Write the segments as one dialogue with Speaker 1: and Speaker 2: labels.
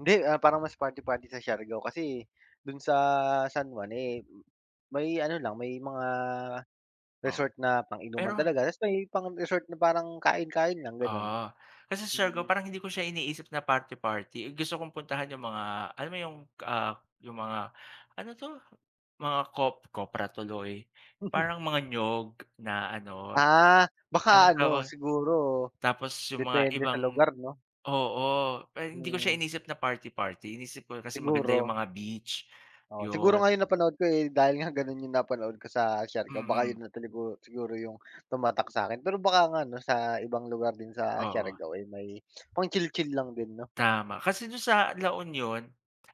Speaker 1: Hindi, ah, parang mas party-party sa Siargao kasi, do'n sa San Juan, eh, may ano lang may mga
Speaker 2: Oh,
Speaker 1: resort na pang-inuman
Speaker 2: pero
Speaker 1: talaga, tas may pang resort na parang kain-kain lang gano'n.
Speaker 2: Ah, kasi Siargao
Speaker 1: Mm.
Speaker 2: parang hindi ko siya iniisip na party-party, eh, gusto kong puntahan 'yung mga alam mo 'yung, ah, 'yung mga ano 'to mga cop copra tuloy parang mga niyog na ano,
Speaker 1: Ah, baka
Speaker 2: anong
Speaker 1: ano
Speaker 2: tawag
Speaker 1: siguro
Speaker 2: tapos 'yung mga
Speaker 1: depende sa
Speaker 2: ibang
Speaker 1: lugar, 'no.
Speaker 2: oo, eh, hindi ko siya
Speaker 1: Hmm.
Speaker 2: iniisip na party-party iniisip ko kasi maganda 'yung
Speaker 1: Siguro.
Speaker 2: mga beach,
Speaker 1: O, siguro nga
Speaker 2: 'yun.
Speaker 1: 'yung napanood ko, eh, dahil nga gano'n 'yung napanood ko sa Siargao, baka
Speaker 2: Mm.
Speaker 1: 'yun na talaga siguro 'yung tumatak sa'kin, pero baka nga ano sa ibang lugar din sa
Speaker 2: Oo.
Speaker 1: Siargao ay may pang chill-chill lang din, 'no?
Speaker 2: Tama, kasi do'n sa La Union,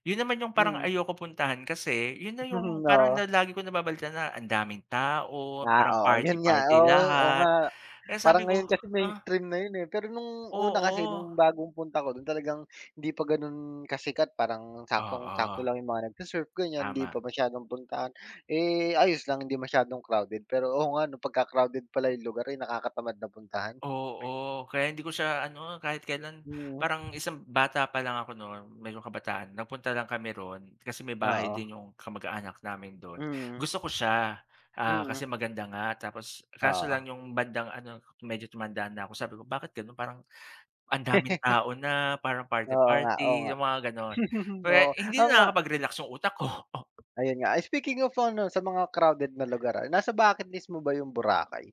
Speaker 2: 'yun naman 'yung parang
Speaker 1: Mm.
Speaker 2: ayoko puntahan kasi 'yun na 'yung parang
Speaker 1: Oo.
Speaker 2: la lagi ko nababalitaan na ang daming tao,
Speaker 1: Ah,
Speaker 2: parang
Speaker 1: oo, 'yun nga,
Speaker 2: party-party
Speaker 1: oo, oh,
Speaker 2: lahat,
Speaker 1: nga.
Speaker 2: kaya
Speaker 1: Parang
Speaker 2: sabi ko,
Speaker 1: ngayon kasi
Speaker 2: ah
Speaker 1: mainstream na 'yun, eh, pero no'ng una kasi
Speaker 2: Oo.
Speaker 1: no'ng bagong punta ko do'n talagang hindi pa gano'n kasikat parang saktong-sakto
Speaker 2: Oo.
Speaker 1: lang 'yung mga nag-se-surf ganiyan, hindi
Speaker 2: Tama.
Speaker 1: pa masyadong puntahan, eh, ayos lang 'di masyadong crowded, pero oo, nga ano pagka-crowded pala 'yung lugar ay nakakatamad na puntahan.
Speaker 2: Oo, kaya hindi ko siya ano kahit kailan
Speaker 1: Hmm.
Speaker 2: parang isang bata pa lang ako no'n mayroong kabataan nagpunta lang kami 'ron, kasi may bahay
Speaker 1: Oo.
Speaker 2: din 'yong kamag-anak namin do'n,
Speaker 1: Mm.
Speaker 2: gusto ko siya kasi,
Speaker 1: Mm.
Speaker 2: ah, maganda nga tapos kaso lang
Speaker 1: Oo.
Speaker 2: 'yong bandang ano medyo tumanda na ako, sabi ko, bakit gano'n parang ang daming tao na parang
Speaker 1: Oo nga, oo
Speaker 2: party-party,
Speaker 1: nga.
Speaker 2: 'yung mga gano'n. Pero,
Speaker 1: Oo,
Speaker 2: hindi
Speaker 1: ako nga
Speaker 2: na nakakapag-relax 'yung utak ko.
Speaker 1: Ayun nga, ah, speaking of ano sa mga crowded na lugar, ah, nasa bucket list mo ba 'yung Boracay?